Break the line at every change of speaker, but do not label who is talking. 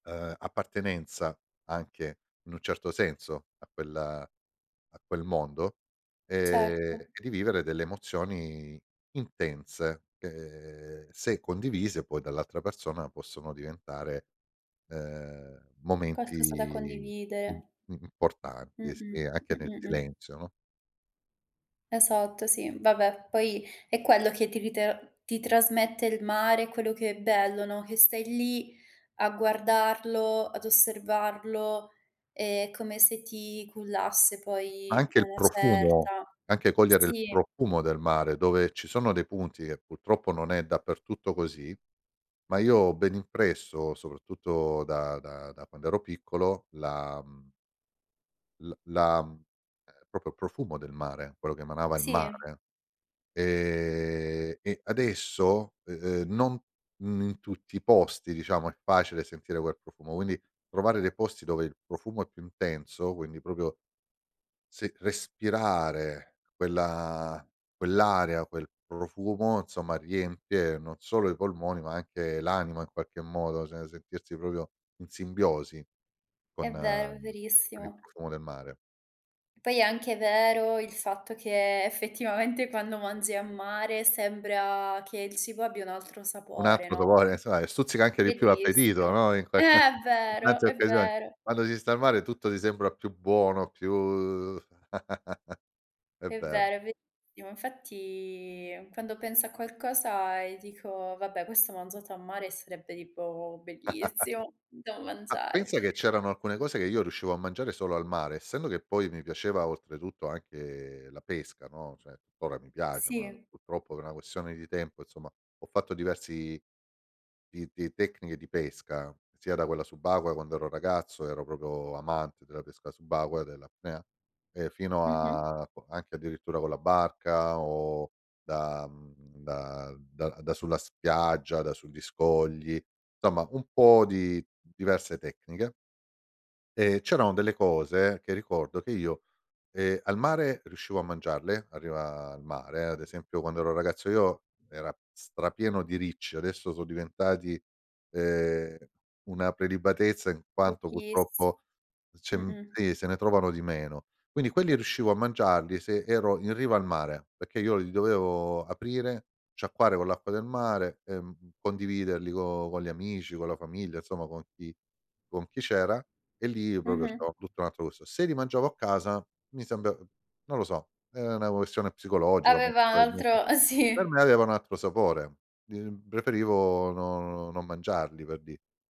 Uhm, appartenenza anche, in un certo senso, a quella a quel mondo, ehm,
Certo.
e rivivere delle emozioni intense, che se condivise poi dall'altra persona, possono diventare, uhm,
Qualcosa da
momenti im
condividere. Mh,
importanti, sì,
mh.
e anche
Mh,
nel
mh, mh.
silenzio, no?
Esatto sì, vabbè, poi è quello che ti ritra ti trasmette il mare, quello che è bello, no, che stai lì, a guardarlo, ad osservarlo, e è come se ti cullasse poi a
Anche il
una
profumo,
certa.
anche cogliere il
Sì.
profumo del mare, dove ci sono dei punti, che purtroppo non è dappertutto così, ma io ho ben impresso, soprattutto da da da quando ero piccolo, la, mhmm la la ehm, proprio il profumo del mare, quello che emanava il
Sì.
mare. Ehm, e adesso, ehm, non in tutti i posti ,diciamo, è facile sentire quel profumo; quindi, trovare dei posti dove il profumo è più intenso, quindi proprio se respirare quella quell'area, quel profumo, insomma riempie, non solo i polmoni, ma anche l'anima in qualche modo, cioè sentirsi proprio in simbiosi, con
È vero, è
con il
verissimo.
profumo del mare.
Poi è anche vero, il fatto che, effetivamente quando mangi a mare, sembra che il cibo abbia un altro
Un
sapore
altro,
no,
[unintelligible] stuzzica anche di più l'appetito,
bellissimo.
no, in
Eh, è
in
vero
qualche
è
occasione,
vero.
quando si sta al mare, tutto ti sembra più buono, più è
È
vero.
vero, è verissimo. Infatti, quando penso a qualcosa, e dico: "Vabbè, questo mangiato a mare sarebbe tipo bellissimo da
Ah,
mangiare."
pensa che c'erano alcune cose, che io riuscivo a mangiare solo al mare; essendo che poi mi piaceva oltretutto anche la pesca, no, cioè, tuttora mi piace, ma
Sì.
purtroppo per una questione di tempo, insomma, ho fatto diversi di di tecniche di pesca, sia da quella subacquea, quando ero ragazzo, ero proprio amante della pesca subacquea dell'apnea; e fino
Mh-mh.
a co anche addirittura con la barca, o da mhmm, da da da sulla spiaggia, da sugli scogli, insomma, un po' di diverse tecniche. E, c'erano delle cose, che ricordo che io, ehm, al mare riuscivo a mangiarle; a riva al mare, ad esempio, quando ero ragazzo io, era strapieno di ricci, adesso sono diventati, ehm, una prelibatezza in quanto
Pochissi
purtroppo c'è
mh, mh.
sì, se ne trovano di meno. Quindi quelli riuscivo a mangiarli se ero in riva al mare, perché io li dovevo aprire, sciacquare con l'acqua del mare e condividerli con con gli amici, con la famiglia, insomma con chi con chi c'era, e lì proprio
Mh-mh.
c'era tutto un'altro gusto. Se li mangiavo a casa mi sembra non lo so, è una questione psicologica, molto
Aveva un
probabilmente,
altro uhm,
per me
sì.
aveva un altro sapore, di mhmm, preferivo no non mangiarli, per dire.